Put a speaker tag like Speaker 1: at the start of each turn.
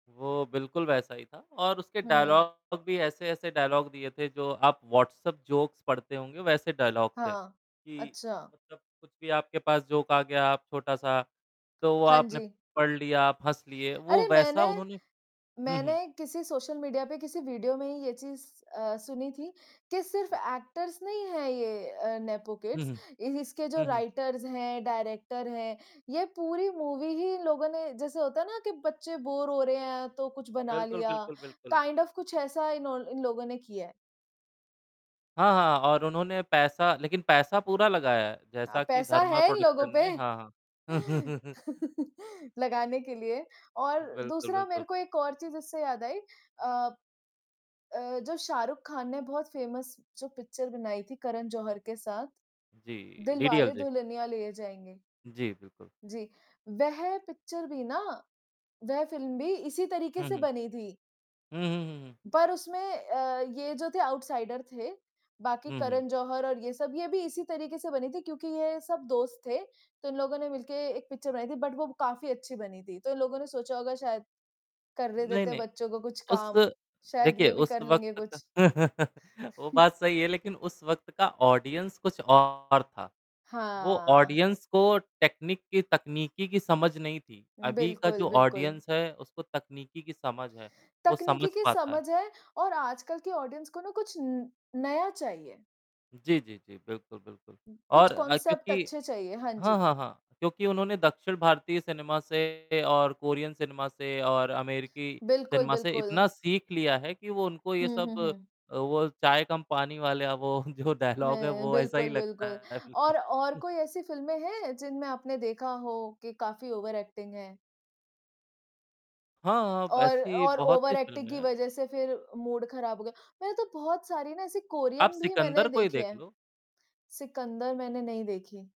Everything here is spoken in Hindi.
Speaker 1: वो बिल्कुल वैसा ही था और उसके
Speaker 2: हुँ।
Speaker 1: डायलॉग भी ऐसे-ऐसे डायलॉग दिए थे जो आप व्हाट्सएप जोक्स पढ़ते होंगे वैसे डायलॉग थे।
Speaker 2: हाँ।
Speaker 1: जी,
Speaker 2: अच्छा।
Speaker 1: मतलब कुछ भी आपके पास जोक का गया आप छोटा-सा, तो
Speaker 2: हाँ
Speaker 1: आपने
Speaker 2: जी।
Speaker 1: पढ़ लिया, आप हँस लिए, वो
Speaker 2: अरे! मैंने
Speaker 1: वैसा उन्होंने हुँ,
Speaker 2: मैंने
Speaker 1: हुँ।
Speaker 2: किसी सोशल मीडिया पे किसी वीडियो में ही ये चीज़ अ, सुनी थी कि सिर्फ एक्टर्स नहीं हैं ये अ, नेपो
Speaker 1: हुँ,
Speaker 2: किड्स
Speaker 1: हुँ।
Speaker 2: इ इसके जो
Speaker 1: उहुँ।
Speaker 2: राइटर्स हैं, डायरेक्टर हैं, ये पूरी मूवी ही इन लोगों ने जैसे होता है ना कि बच्चे बोर हो रहे हैं, तो कुछ बना
Speaker 1: बिल्कुल,
Speaker 2: लिया
Speaker 1: बिल्कुल, बिल्कुल।
Speaker 2: काइंड ऑफ कुछ ऐसा इनो इन लोगों ने किया है।
Speaker 1: हाँ, हाँ। और उन्होंने पैसा लेकिन पैसा पूरा लगाया है,
Speaker 2: अ,
Speaker 1: जैसा कि
Speaker 2: पैसा
Speaker 1: धर्मा
Speaker 2: है इन लोगों
Speaker 1: प्रोडक्शन
Speaker 2: पे
Speaker 1: ने हाँ, हाँ।
Speaker 2: लगाने के लिए और
Speaker 1: बिल्कुल,
Speaker 2: दूसरा मेरे
Speaker 1: बिल्कुल।
Speaker 2: को एक और चीज़ इससे याद आई अ अ, जो शाहरुख़ ख़ान ने बहुत फ़ेमस जो पिक्चर बनाई थी करण जौहर के साथ,
Speaker 1: जी, D D L
Speaker 2: Dilwale
Speaker 1: J.
Speaker 2: Dulhania Le जाएँगे।
Speaker 1: जी बिल्कुल।
Speaker 2: जी। वह पिक्चर भी ना वह फ़िल्म भी इसी तरीके
Speaker 1: हुँ,
Speaker 2: से
Speaker 1: हुँ।
Speaker 2: बनी थी।
Speaker 1: हुँ, हुँ, हुँ, हुँ।
Speaker 2: पर उसमें अ, ये जो थे आउटसाइडर थे, बाकी
Speaker 1: हुँ, हुँ।
Speaker 2: करन ज़ोहर और ये सब, ये भी इसी तरीके से बनी थी क्योंकि ये सब दोस्त थे तो इन लोगों ने मिल के एक पिक्चर बनाई थी बट वो काफ़ी अच्छी बनी थी, तो इन लोगों ने सोचा होगा शायद, करने
Speaker 1: नहीं,
Speaker 2: देते हैं
Speaker 1: नहीं।
Speaker 2: बच्चों को कुछ
Speaker 1: उस
Speaker 2: काम, शायद
Speaker 1: देखिए
Speaker 2: ये भी
Speaker 1: उस
Speaker 2: कर लेंगे
Speaker 1: वक़्त
Speaker 2: कुछ।
Speaker 1: तक वो बात सही है लेकिन उस वक़्त का ऑडियंस कुछ और था, वो
Speaker 2: हाँ।
Speaker 1: ऑडियंस को टेक्निक की तकनीकी की समझ नहीं थी, अभी का
Speaker 2: बिल्कुल,
Speaker 1: जो
Speaker 2: बिल्कुल।
Speaker 1: ऑडियंस है उसको तकनीकी की समझ है। वो समझ
Speaker 2: तकनीकी की
Speaker 1: पाता है।
Speaker 2: समझ है और आजकल की ऑडियंस को ना कुछ न नया चाहिए।
Speaker 1: जी, जी, जी। बिल्कुल, बिल्कुल।
Speaker 2: कुछ
Speaker 1: और अ,
Speaker 2: कॉन्सेप्ट
Speaker 1: क्योंकि
Speaker 2: अच्छे चाहिए। हाँ
Speaker 1: हाँ,
Speaker 2: जी।
Speaker 1: हाँ, हाँ क्योंकि उन्होंने दक्षिण भारतीय सिनेमा से और कोरियन सिनेमा से और अमेरिकी
Speaker 2: बिल्कुल,
Speaker 1: सिनेमा से
Speaker 2: बिल्कुल।
Speaker 1: इतना सीख लिया है कि वो उनको ये
Speaker 2: हुँ, हुँ,
Speaker 1: सब
Speaker 2: हुँ।
Speaker 1: अ, वो चाय कम पानी वाले अब वो जो डायलॉग है
Speaker 2: हुँ,
Speaker 1: वो ऐसा ही
Speaker 2: बिल्कुल,
Speaker 1: लगता
Speaker 2: बिल्कुल।
Speaker 1: है बिल्कुल।
Speaker 2: और और कोई ऐसी फ़िल्में हैं जिनमें आपने देखा हो कि काफ़ी ओवर एक्टिंग है?
Speaker 1: हाँ, हाँ।
Speaker 2: और
Speaker 1: वेेसी
Speaker 2: और
Speaker 1: बहुत सी
Speaker 2: ओवरएक्टिंग
Speaker 1: फ़िल्म
Speaker 2: की
Speaker 1: है।
Speaker 2: वज़ह से फिर मूड खराब हो गया, मैंने तो बहुत सारी ना ऐसी
Speaker 1: आप
Speaker 2: कोरियन भी
Speaker 1: सिकंदर
Speaker 2: मैंने
Speaker 1: को ही
Speaker 2: देखी
Speaker 1: देख
Speaker 2: हैं
Speaker 1: लो।
Speaker 2: सिकंदर मैंने नहीं देखी।